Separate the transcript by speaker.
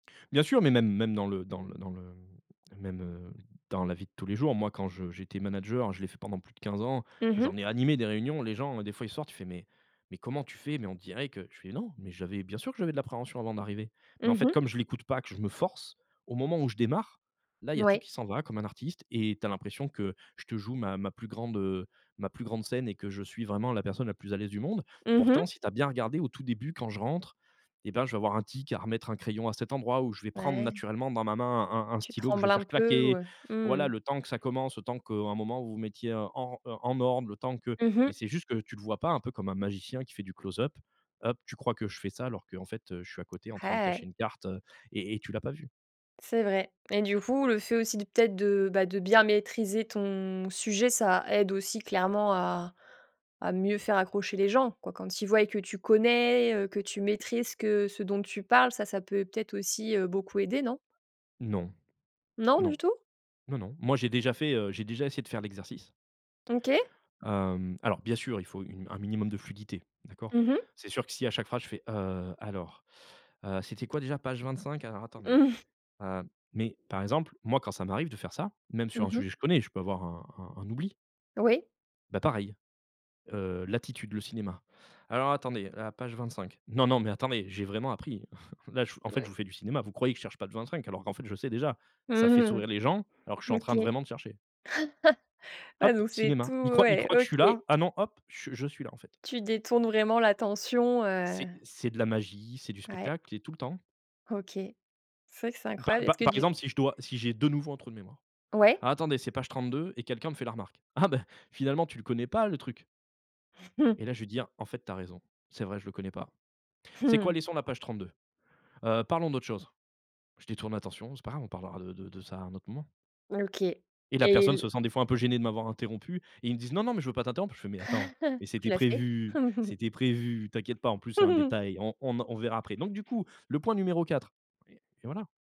Speaker 1: Bien sûr, mais même même dans le dans le dans le même, heu, dans la vie de tous les jours, moi, quand je j'étais manager, je l'ai fait pendant plus de 15 ans,
Speaker 2: Mmh mh.
Speaker 1: j'en ai animé des réunions. Les gens, des fois, ils sortent: «Tu fais, mais mais comment tu fais»? Mais on dirait que je fais: «Non, mais j'avais bien sûr que j'avais de l'appréhension avant d'arriver», mais en
Speaker 2: Mmh
Speaker 1: fait,
Speaker 2: mh.
Speaker 1: comme je l'écoute pas que, je me force. Au moment où je démarre, là, il y a tout
Speaker 2: Oui.
Speaker 1: qui s'en va, comme un artiste et tu as l'impression que je te joue ma ma plus grande, heu, ma plus grande scène et que je suis vraiment la personne la plus à l'aise du monde.
Speaker 2: Mmh mh.
Speaker 1: Pourtant si tu as bien regardé au tout début, quand je rentre et ben, je vais avoir un tic à remettre un crayon à cet endroit, ou je vais prendre
Speaker 2: Ouais.
Speaker 1: naturellement dans ma main un un
Speaker 2: Tu
Speaker 1: stylo que je
Speaker 2: trembles
Speaker 1: vais
Speaker 2: un
Speaker 1: faire
Speaker 2: peu? Ou
Speaker 1: claquer.
Speaker 2: heu, mmh
Speaker 1: Voilà
Speaker 2: mh.
Speaker 1: le temps que ça commence, le temps qu'à un moment vous vous, heu, mettiez en, heu, en ordre, le temps que
Speaker 2: Mmh mh.
Speaker 1: mais c'est juste que tu le vois pas, un peu comme un magicien qui fait du close-up up. Tu crois que je fais ça alors qu'en fait, je suis à côté en train de cacher
Speaker 2: Hey.
Speaker 1: une carte et et tu l'as pas vu.
Speaker 2: C'est vrai et du coup, le fait aussi de peut être de bien maîtriser ton sujet, ça aide aussi clairement à à mieux faire accrocher les gens, quoi. Quand ils voient et que tu connais, heu, que tu maîtrises ce que ce dont tu parles, ça ça peut peut être aussi, heu, beaucoup aider, non?
Speaker 1: Non,
Speaker 2: Non, du
Speaker 1: non,
Speaker 2: tout?
Speaker 1: non, non. Moi, j'ai déjà fait, heu, j'ai déjà essayé de faire l'exercice.
Speaker 2: OK.
Speaker 1: Hem, alors bien sûr, il faut une un minimum de fluidité, d'accord.
Speaker 2: Mmh mh.
Speaker 1: C'est sûr que si, à chaque phrase, je fais: «Heu, alors, heu, c'était quoi déjà page 25, alors attendez.
Speaker 2: Mmh.
Speaker 1: Heu» mais par exemple, moi, quand ça m'arrive de faire ça, même sur
Speaker 2: Mmh
Speaker 1: un
Speaker 2: mh.
Speaker 1: sujet que je connais, je peux avoir un un un oubli
Speaker 2: Oui.
Speaker 1: bah, pareil, heu, l'attitude, le cinéma. «Alors attendez, à la page 25. Non non, mais attendez, j'ai vraiment appris. Là, je en fait, je vous fais du cinéma, vous croyez que je cherche page 25 alors qu'en fait je sais déjà». Ça fait sourire les gens, alors que je suis en
Speaker 2: OK.
Speaker 1: train de vraiment de chercher.
Speaker 2: Ouais,
Speaker 1: Hop,
Speaker 2: donc c'est tout
Speaker 1: cinéma, ils croient ils
Speaker 2: ouais,
Speaker 1: croient que je suis
Speaker 2: OK.
Speaker 1: là. Ah non, hop, je je suis là, en fait.
Speaker 2: Tu détournes vraiment l'attention, heu.
Speaker 1: C'est c'est de la magie, c'est du
Speaker 2: Ouais.
Speaker 1: spectacle et tout le temps.
Speaker 2: OK. C'est vrai que c'est
Speaker 1: Pa
Speaker 2: incroyable.
Speaker 1: pa
Speaker 2: Est-ce que
Speaker 1: par
Speaker 2: du
Speaker 1: exemple, si je dois si j'ai de nouveau un trou de mémoire:
Speaker 2: Ouais.
Speaker 1: «Alors, attendez, c'est page 32» et quelqu'un me fait la remarque: «Ah bah, finalement, tu ne le connais pas, le truc»
Speaker 2: Mmh.
Speaker 1: et là, je vais dire: «En fait, tu as raison, c'est vrai, je le connais pas. Tu
Speaker 2: Mmh
Speaker 1: sais quoi,
Speaker 2: mh.
Speaker 1: laissons la page 32. Heu, parlons d'autre chose». Je détourne l'attention: «C'est pas grave, on parlera de de ça à un autre moment»
Speaker 2: OK,
Speaker 1: et la
Speaker 2: et
Speaker 1: personne
Speaker 2: l
Speaker 1: se sent des fois un peu gênée de m'avoir interrompu. Ils me disent: «Non non, mais je veux pas t'interrompre». Je fais: «Mais attends, mais
Speaker 2: Tu
Speaker 1: c'était
Speaker 2: l'as fait?
Speaker 1: prévu c'était prévu. T'inquiète pas, en plus c'est un détail, on en on verra après, donc du coup, le point numéro 4» et voilà.